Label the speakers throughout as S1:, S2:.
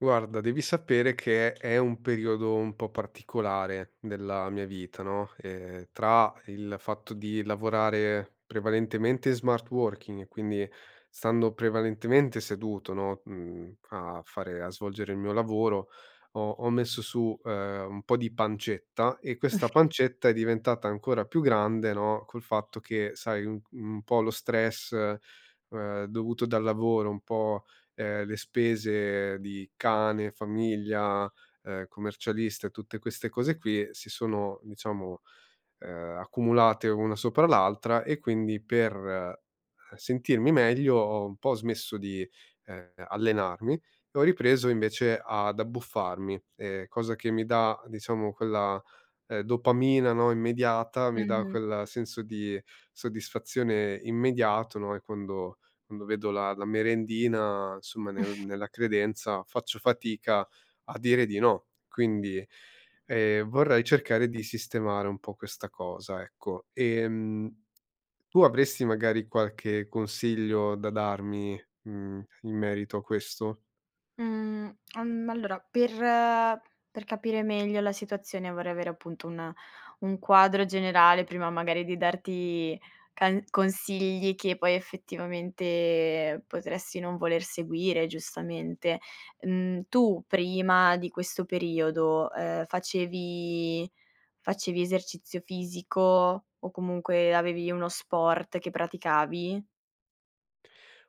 S1: Guarda, devi sapere che è un periodo un po' particolare della mia vita, no, ehm, tra il fatto di lavorare prevalentemente in smart working e quindi stando prevalentemente seduto, no, mhmm, a fare a svolgere il mio lavoro, ho ho messo su, uhm, un po' di pancetta. E questa pancetta è diventata ancora più grande no, col fatto che sai, un un po' lo stress, ehm, dovuto dal lavoro, un po', ehm, le spese di cane, famiglia, uhm, commercialista e tutte queste cose qui, si sono diciamo, uhm, accumulate una sopra l'altra. E quindi per sentirmi meglio ho un po' smesso di, ehm, allenarmi e ho ripreso invece ad abbuffarmi, ehm, cosa che mi dà, diciamo, quella, ehm, dopamina no, immediata, mi dà
S2: Mh-mh.
S1: quel senso di soddisfazione immediato no, e quando quando vedo la la merendina insomma, nel nella credenza faccio fatica a dire di no. Quindi, ehm, vorrei cercare di sistemare un po' questa cosa, ecco. Ehm, tu avresti magari qualche consiglio da darmi, mhmm, in merito a questo?
S2: Mhmm, al ma allora per per capire meglio la situazione vorrei avere appunto un un quadro generale, prima magari di darti can consigli che poi effettivamente potresti non voler seguire, giustamente. Mhmm, tu prima di questo periodo, ehm, facevi facevi esercizio fisico, o comunque avevi uno sport che praticavi?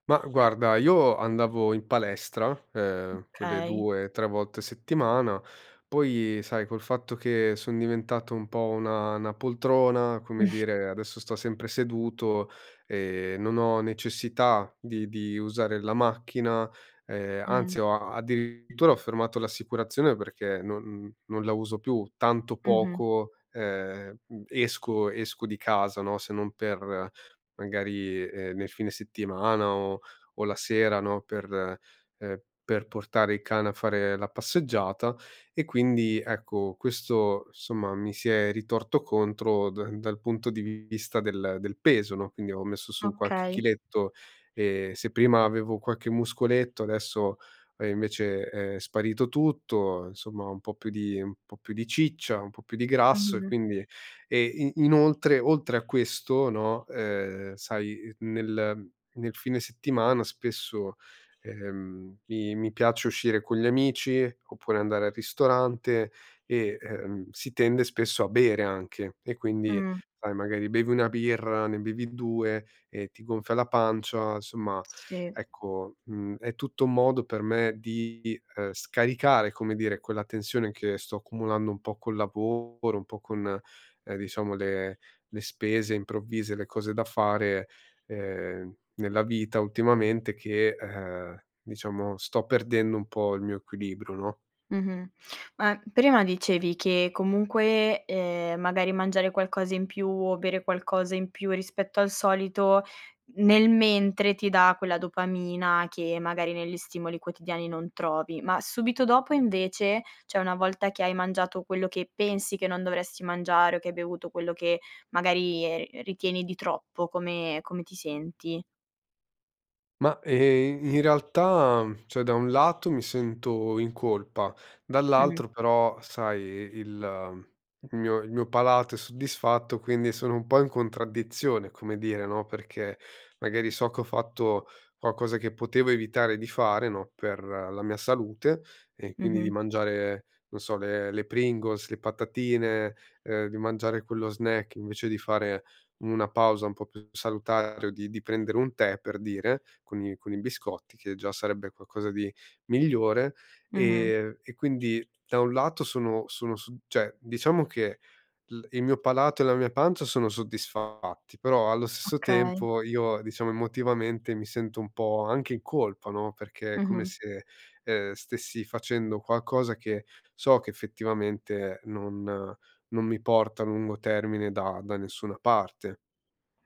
S1: Ma guarda, io andavo in palestra, ehm, quelle
S2: Okay.
S1: due, tre, volte a settimana, poi sai, col fatto che son diventato un po' una una poltrona come dire, adesso sto sempre seduto, e, non ho necessità di di usare la macchina, ehm, anzi
S2: Mh.
S1: ho addirittura ho fermato l'assicurazione perché non non la uso più tanto
S2: Mh-mh.
S1: poco, ehm, esco esco di casa no, se non per magari, ehm, nel fine settimana o o la sera no, per, ehm, per portare il cane a fare la passeggiata. E quindi ecco, questo insomma, mi si è ritorto contro da dal punto di vista del del peso no, quindi ho messo su qualche
S2: Okay.
S1: chiletto e se prima avevo qualche muscoletto adesso è invece è sparito tutto. Insomma un po' più di un po' più di ciccia, un po' più di grasso e
S2: Mh-mh.
S1: quindi, ehm, e inoltre oltre a questo no, ehm, sai nel nel fine settimana spesso, ehm, mi mi piace uscire con gli amici, oppure andare al ristorante e, ehm, si tende spesso a bere anche e quindi
S2: Mh.
S1: sai, magari bevi 1 birra, ne bevi 2 e ti gonfia la pancia. Insomma
S2: Si.
S1: ecco, mhmm, è tutto un modo per me di scaricare, come dire, quella tensione che sto accumulando un po' col lavoro, un po' con, diciamo, le le spese improvvise, le cose da fare, ehm, nella vita ultimamente che, ehm, diciamo sto perdendo un po' il mio equilibrio, no?
S2: Mh-mh. Ma prima dicevi che comunque, ehm, magari mangiare qualcosa in più o bere qualcosa in più rispetto al solito, nel mentre, ti dà quella dopamina che magari negli stimoli quotidiani non trovi. Ma subito dopo invece, cioè una volta che hai mangiato, quello che pensi che non dovresti mangiare, o che hai bevuto quello che magari ri ritieni di troppo, come come ti senti?
S1: Ma, e ehm, in realtà, mhmm, cioè da un lato mi sento in colpa,
S2: Mh.
S1: dall'altro però sai i il il mio il mio palato è soddisfatto, quindi sono un po' in contraddizione come dire no, perché magari so che ho fatto qualcosa che potevo evitare di fare no, per la mia salute, e quindi di
S2: Mh-mh.
S1: mangiare, non so, le le Pringles, le patatine, ehm, di mangiare quello snack invece di fare una pausa un po' più salutare o di di prendere un tè, per dire, con i con i biscotti che già sarebbe qualcosa di migliore,
S2: Mh-mh.
S1: ehm, e quindi da un lato sono sono su cioè, diciamo che il il mio palato e la mia pancia sono soddisfatti, però allo stesso
S2: Okay.
S1: tempo io, diciamo emotivamente, mi sento un po' anche in colpa no, perché è come
S2: Mh-mh.
S1: se, ehm, stessi facendo qualcosa che so che effettivamente non non mi porta a lungo termine da da nessuna parte.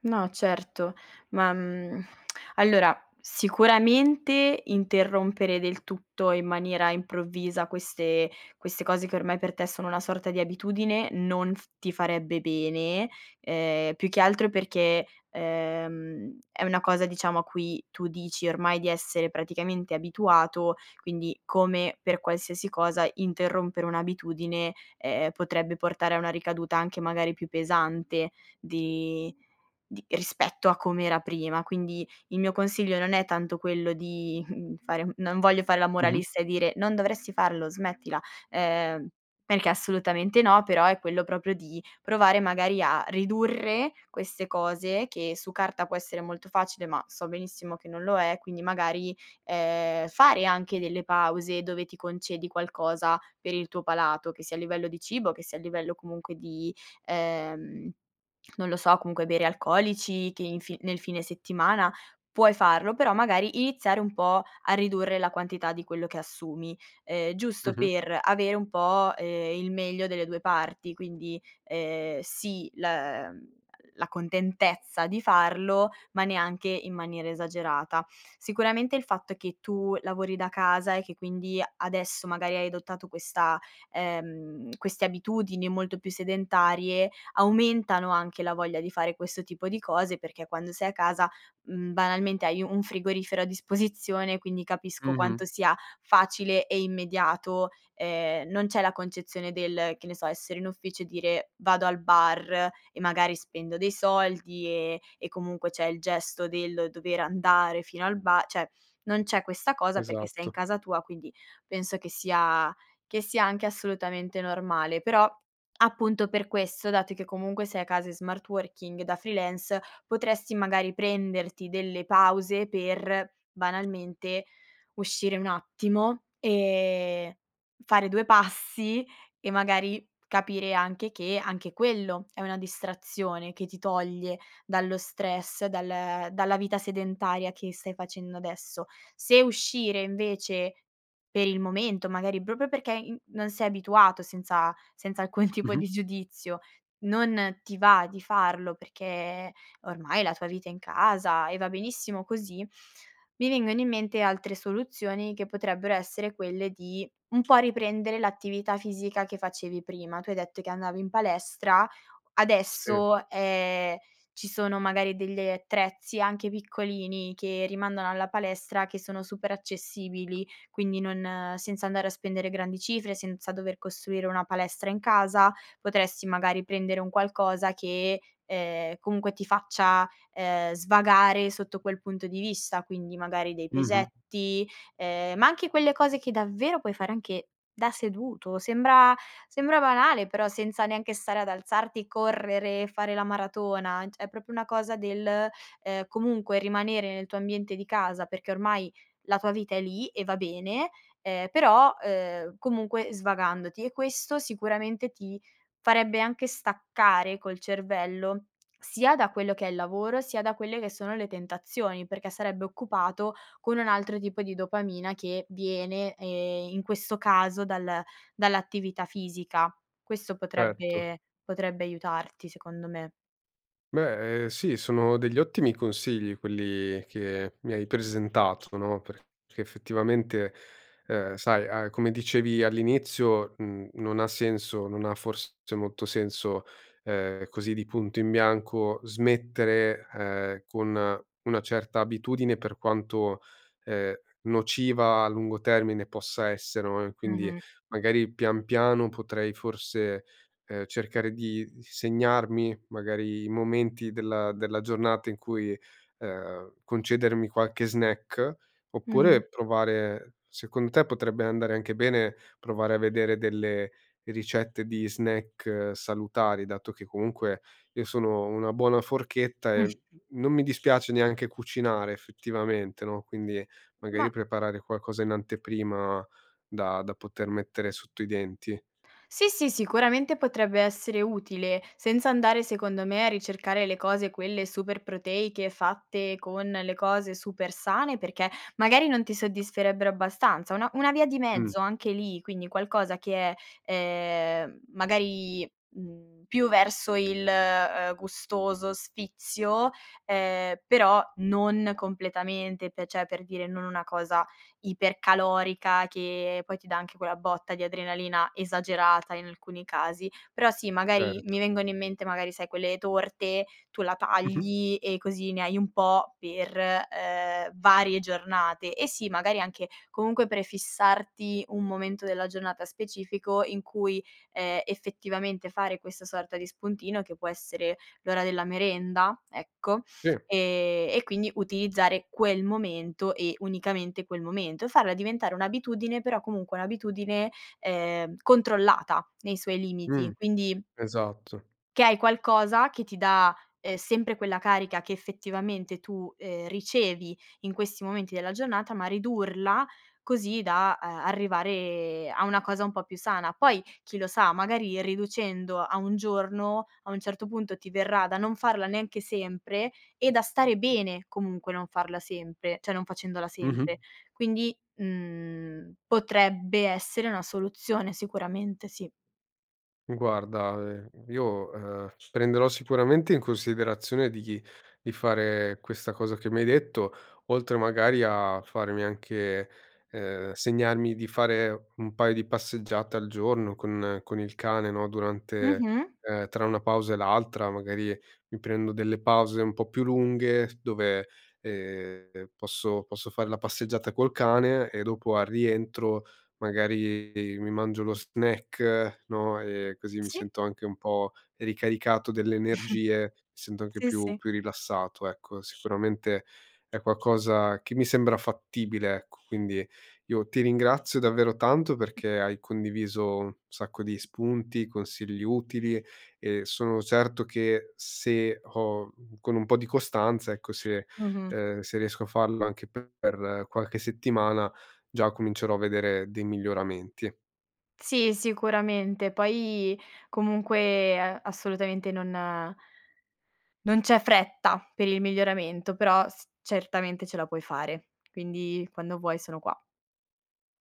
S2: No certo. Ma, mhmm, allora sicuramente interrompere del tutto in maniera improvvisa queste queste cose che ormai per te sono una sorta di abitudine non f ti farebbe bene, ehm, più che altro perché, ehm, è una cosa, diciamo, a cui tu dici ormai di essere praticamente abituato, quindi come per qualsiasi cosa interrompere un'abitudine, ehm, potrebbe portare a una ricaduta anche magari più pesante di di rispetto a com'era prima. Quindi il mio consiglio non è tanto quello di, mhmm, fare mhmm, non voglio fare la
S1: Mh-mh.
S2: moralista e dire: "Non dovresti farlo, smettila", ehm, perché assolutamente no, però è quello proprio di provare magari a ridurre queste cose, che su carta può essere molto facile ma so benissimo che non lo è, quindi magari, ehm, fare anche delle pause dove ti concedi qualcosa per il tuo palato, che sia a livello di cibo che sia a livello comunque di, ehm, non lo so, comunque bere alcolici che in fi nel fine settimana puoi farlo, però magari iniziare un po' a ridurre la quantità di quello che assumi, ehm, giusto
S1: Mh-mh.
S2: per avere un po', ehm, il meglio delle 2 parti. Quindi, ehm, sì la, mhmm, la contentezza di farlo, ma neanche in maniera esagerata. Sicuramente il fatto è che tu lavori da casa e che quindi adesso magari hai adottato questa, ehm, queste abitudini molto più sedentarie, aumentano anche la voglia di fare questo tipo di cose, perché quando sei a casa, mhmm, banalmente hai un frigorifero a disposizione quindi capisco
S1: Mh-mh.
S2: quanto sia facile e immediato, ehm, non c'è la concezione del, che ne so, essere in ufficio e dire: "Vado al bar e magari spendo dei soldi", ehm, e comunque c'è il gesto del dover andare fino al ba cioè non c'è questa cosa perché sei in
S1: Esatto.
S2: casa tua, quindi penso che sia che sia anche assolutamente normale. Però appunto per questo, dato che comunque sei a casa in smart working da freelance, potresti magari prenderti delle pause per, banalmente, uscire un attimo, ehm, fare due passi e magari capire anche che anche quello è una distrazione che ti toglie dallo stress, dal dalla vita sedentaria che stai facendo adesso. Se uscire, invece, per il momento magari proprio perché in non sei abituato senza senza alcun tipo
S1: Mh-mh.
S2: di giudizio, non ti va di farlo perché ormai la tua vita è in casa e va benissimo così, mi vengono in mente altre soluzioni che potrebbero essere quelle di un po' riprendere l'attività fisica che facevi prima. Tu hai detto che andavi in palestra:
S1: Sì.
S2: adesso, ehm, ci sono magari delle attrezzi, anche piccolini, che rimandano alla palestra che sono super accessibili. Quindi non senza andare a spendere grandi cifre, senza dover costruire una palestra in casa, potresti magari prendere un qualcosa che, ehm, comunque ti faccia ehm, svagare sotto quel punto di vista: quindi magari dei
S1: Mh-mh.
S2: pesetti, ehm, ma anche quelle cose che davvero puoi fare anche da seduto, sembra sembra banale però senza neanche stare ad alzarti, correre, fare la maratona, cioè è proprio una cosa del, ehm, comunque rimanere nel tuo ambiente di casa, perché ormai la tua vita è lì e va bene, ehm, però, ehm, comunque svagandoti e questo sicuramente ti farebbe anche staccare col cervello sia da quello che è il lavoro, sia da quelle che sono le tentazioni, perché sarebbe occupato con un altro tipo di dopamina che viene, ehm, in questo caso, dal dall'attività fisica. Questo
S1: Erto.
S2: potrebbe potrebbe aiutarti secondo me.
S1: Beh, ehm, sì, sono degli ottimi consigli quelli che mi hai presentato, no, perché effettivamente, ehm, sai a come dicevi all'inizio n non ha senso non ha forse molto senso, ehm, così di punto in bianco, smettere, ehm, con una certa abitudine per quanto, ehm, nociva a lungo termine possa essere no, e quindi
S2: Mh-mh.
S1: magari pian piano potrei forse, ehm, cercare di segnarmi magari i momenti della della giornata in cui, e ehm, concedermi qualche snack.
S2: Mh-mh.
S1: Oppure provare secondo te potrebbe andare anche bene provare a vedere delle ricette di snack salutari, dato che comunque io sono una buona forchetta
S2: Mh.
S1: e non mi dispiace neanche cucinare effettivamente no; quindi
S2: Ma
S1: magari preparare qualcosa in anteprima da da poter mettere sotto i denti.
S2: Sì, sì, sicuramente potrebbe essere utile senza andare, secondo me, a ricercare le cose quelle super proteiche fatte con le cose super sane, perché magari non ti soddisferebbero abbastanza. Una una via di
S1: Mh.
S2: mezzo anche lì, quindi qualcosa che è, ehm, magari, mhmm, più verso il, ehm, gustoso sfizio, ehm, però non completamente, pe cioè per dire non una cosa ipercalorica che poi ti dà anche quella botta di adrenalina esagerata in alcuni casi. Però sì magari
S1: Ert
S2: mi vengono in mente magari sai quelle torte, tu la
S1: Mh-mh.
S2: tagli e così ne hai un po' per, ehm, varie giornate. Eh, sì, magari anche, comunque, prefissarti un momento della giornata specifico in cui, ehm, effettivamente fare questa sorta di spuntino, che può essere l'ora della merenda, ecco,
S1: Sì.
S2: ehm, e quindi utilizzare quel momento e unicamente quel momento e farla diventare un'abitudine però comunque un'abitudine, ehm, controllata nei suoi limiti.
S1: Mh.
S2: Quindi
S1: Esatto.
S2: che hai qualcosa che ti dà, ehm, sempre quella carica che effettivamente tu, ehm, ricevi in questi momenti della giornata, ma ridurla così da, ehm, arrivare a una cosa un po' più sana. Poi, chi lo sa, magari riducendo a 1 giorno, a un certo punto ti verrà da non farla neanche sempre e da stare bene, comunque, non farla sempre cioè non facendola
S1: Mh-mh.
S2: sempre. Quindi, mhmm, potrebbe essere una soluzione sicuramente, sì.
S1: Mi guarda, ehm, io, uhm, prenderò sicuramente in considerazione di di fare questa cosa che mi hai detto, oltre magari a farmi anche, ehm segnarmi di fare un paio di passeggiate al giorno con con il cane, no, durante,
S2: Mh-mh.
S1: ehm tra una pausa e l'altra, magari mi prendo delle pause un po' più lunghe dove, ehm, posso posso fare la passeggiata col cane e dopo al rientro, magari, ehm, mi mangio lo snack no, e così mi
S2: Sì.
S1: sento anche un po' ricaricato delle energie, mi sento anche
S2: Sì,
S1: più
S2: sì.
S1: più rilassato. Ecco, sicuramente, è qualcosa che mi sembra fattibile, ecco. Quindi io ti ringrazio davvero tanto perché hai condiviso un sacco di spunti, consigli utili e sono certo che se ho, mhmm con un po' di costanza, ecco se,
S2: Mh-mh.
S1: ehm se riesco a farlo anche per per qualche settimana già comincerò a vedere dei miglioramenti.
S2: Sì, sicuramente. Poi comunque, ehm, assolutamente non non c'è fretta per il miglioramento, però s certamente ce la puoi fare. Quindi quando vuoi sono qua.